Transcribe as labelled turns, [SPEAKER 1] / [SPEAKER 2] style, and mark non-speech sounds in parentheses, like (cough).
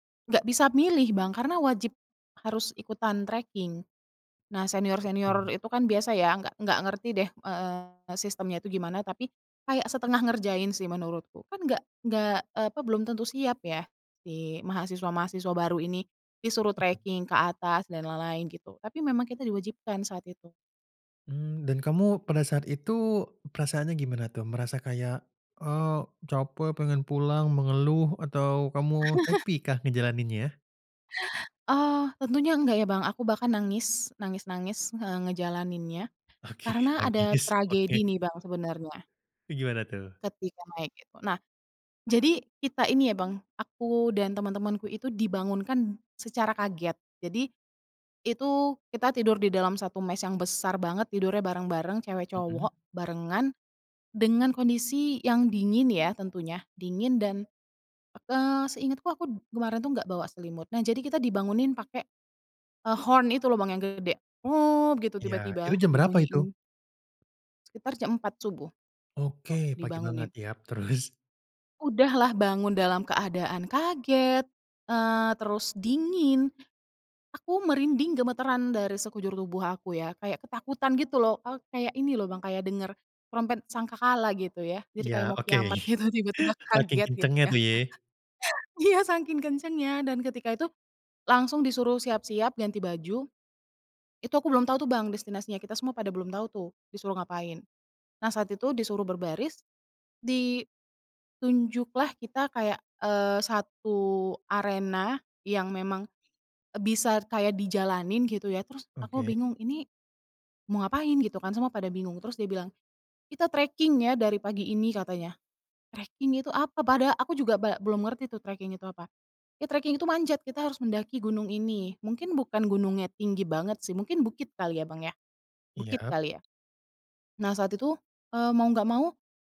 [SPEAKER 1] Nggak bisa milih, Bang, karena wajib harus ikutan treking. Nah,
[SPEAKER 2] Oke.
[SPEAKER 1] senior-senior itu, kan, biasa, ya, nggak nggak ngerti deh, eee, sistemnya itu gimana, tapi kayak setengah ngerjain, sih, menurutku, kan nggak nggak eee, apa, belum tentu siap, ya, si mahasiswa-mahasiswa baru ini. Disuruh
[SPEAKER 2] (chuckles)
[SPEAKER 1] treking ke atas dan lain-lain gitu, tapi memang kita diwajibkan saat itu.
[SPEAKER 2] Mmm, dan kamu pada saat itu perasaannya gimana, tuh? Merasa kayak, eee, capek, pengen pulang, mengeluh atau kamu
[SPEAKER 1] (chuckles)
[SPEAKER 2] happy kah ngejalaninnya?
[SPEAKER 1] Oh, tentunya enggak, ya, Bang, aku bahkan nangis nangis-nangis, nge ngejalaninnya,
[SPEAKER 2] Oke,
[SPEAKER 1] karena ada
[SPEAKER 2] nangis, oke.
[SPEAKER 1] tragedi, nih, Bang, sebenarnya
[SPEAKER 2] E gimana tuh?
[SPEAKER 1] ketika naik itu. Nah, jadi kita ini ya, Bang, aku dan temen-temenku itu dibangunkan secara kaget, jadi, itu kita tidur di dalam satu mess yang besar banget, tidurnya bareng-bareng,
[SPEAKER 2] Mhm.
[SPEAKER 1] cewek-cowok barengan, dengan kondisi yang dingin, ya, tentunya, dingin dan, eee, seingatku aku kemarin tuh nggak bawa selimut. Nah, jadi kita dibangunin pakai, eee, horn itu loh, Bang, yang gede, "Ngop!" Gitu,
[SPEAKER 2] Iya,
[SPEAKER 1] tiba-tiba,
[SPEAKER 2] itu jam berapa itu?
[SPEAKER 1] dibunyiin. Sekitar jam 4.00 subuh, eee,
[SPEAKER 2] Oke, pagi banget,
[SPEAKER 1] dibangunin.
[SPEAKER 2] yap, terus?
[SPEAKER 1] Udah lah bangun dalam keadaan kaget, eee, terus dingin, aku merinding gemetaran dari sekujur tubuh aku ya, kayak ketakutan gitu loh, eee, kayak ini loh, Bang, kayak denger trompet sangkakala, gitu ya, jadi kayak
[SPEAKER 2] Iya,
[SPEAKER 1] mau
[SPEAKER 2] oke.
[SPEAKER 1] kiamat
[SPEAKER 2] (chuckles)
[SPEAKER 1] gitu, tiba-tiba
[SPEAKER 2] Saking
[SPEAKER 1] kaget, gitu
[SPEAKER 2] kencengnya,
[SPEAKER 1] ya.
[SPEAKER 2] tuh,
[SPEAKER 1] (laughs)
[SPEAKER 2] ye.
[SPEAKER 1] Iya, sangking kencengnya, dan ketika itu langsung disuruh siap-siap, ganti baju, itu aku belum tau, tuh, Bang, destinasinya kita semua pada belum tau, tuh, disuruh ngapain. Nah, saat itu disuruh berbaris, ditunjuklah kita kayak, eee, 1 arena yang memang, eee, bisa kayak dijalanin, gitu, ya, terus aku
[SPEAKER 2] Oke.
[SPEAKER 1] bingung, "Ini, mau ngapain?" Gitu kan, semua pada bingung, terus dia bilang, "Kita treking, ya, dari pagi ini." Katanya. Treking itu apa, pada aku juga ba belum ngerti tuh, treking itu apa, "Ya, treking itu manjat, kita harus mendaki gunung ini." Mungkin bukan gunungnya tinggi banget, sih, mungkin bukit kali ya, Bang, ya, bukit
[SPEAKER 2] Iya.
[SPEAKER 1] kali, ya. Nah, saat itu, eee, mau nggak mau